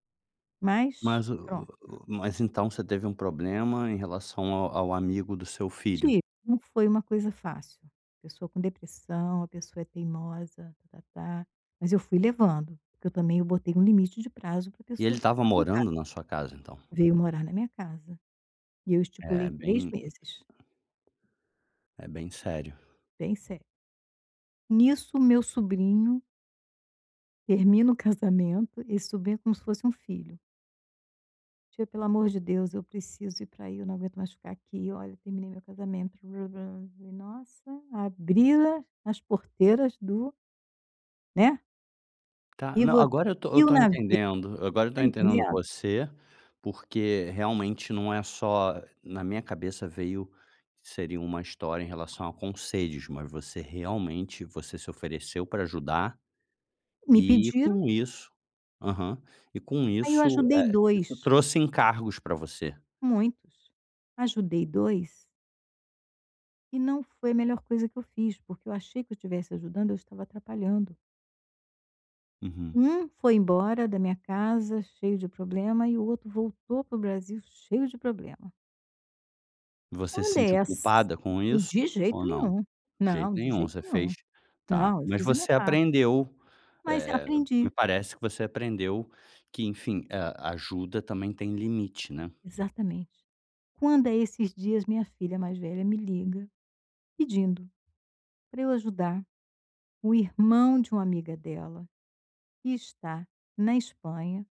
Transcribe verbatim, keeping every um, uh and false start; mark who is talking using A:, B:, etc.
A: Mas,
B: Mas o
A: pronto.
B: o o mas então você teve um problema em relação ao ao amigo do seu filho?
A: Tive. Não foi uma coisa fácil. Pessoa com depressão a pessoa é teimosa, ta ta ta. Mas eu fui levando, porque eu também eu botei um limite de prazo para
B: E ele
A: pessoa
B: estava
A: ficar em casa.
B: morando na sua casa então?
A: Veio morar na minha casa. E eu
B: É
A: estipulei três
B: bem,
A: meses.
B: é bem sério.
A: Bem sério. Nisso, o meu sobrinho termina o casamento. Esse sobrinho é como se fosse um filho. "Tia pelo amor de Deus eu preciso ir para ai, eu não aguento mais ficar aqui. Olha, terminei meu casamento", Falei: "Nossa, abri-las as porteiras do" né.
B: Tá,
A: E
B: não
A: vo
B: agora eu estou eu estou
A: [unintelligible]
B: entendendo, agora eu
A: está
B: estou entendendo
A: entendendo?
B: você, porque realmente não é só na minha cabeça veio, seria uma história em relação a conselhos, mas você realmente, você se ofereceu para ajudar,
A: Me
B: e
A: pediram.
B: com isso aham, e com
A: Aí eu
B: isso
A: ajudei
B: eh, isso
A: dois.
B: trouxe encargos para você.
A: Muitos. Ajudei dois. E não foi a melhor coisa que eu fiz porque eu achei que eu estivesse ajudando; eu estava atrapalhando.
B: Uhum.
A: Um foi embora da minha casa cheio de problema e o outro voltou para o Brasil cheio de problema.
B: Você se
A: Quando é
B: sentiu
A: ass
B: culpada com isso
A: de
B: ou
A: jeito
B: não?
A: nenhum.
B: De jeito
A: Não, de
B: nenhum
A: jeito
B: você
A: nenhum.
B: fez tá.
A: Não, eu
B: Mas
A: fiz a minha
B: você
A: parte.
B: aprendeu
A: Mas
B: eh, me
A: aprendi.
B: parece que você aprendeu que enfim, a ajuda também tem limite, né.
A: Exatamente, Quando é esses dias, minha filha mais velha me liga pedindo para eu ajudar o irmão de uma amiga dela, que está na Espanha.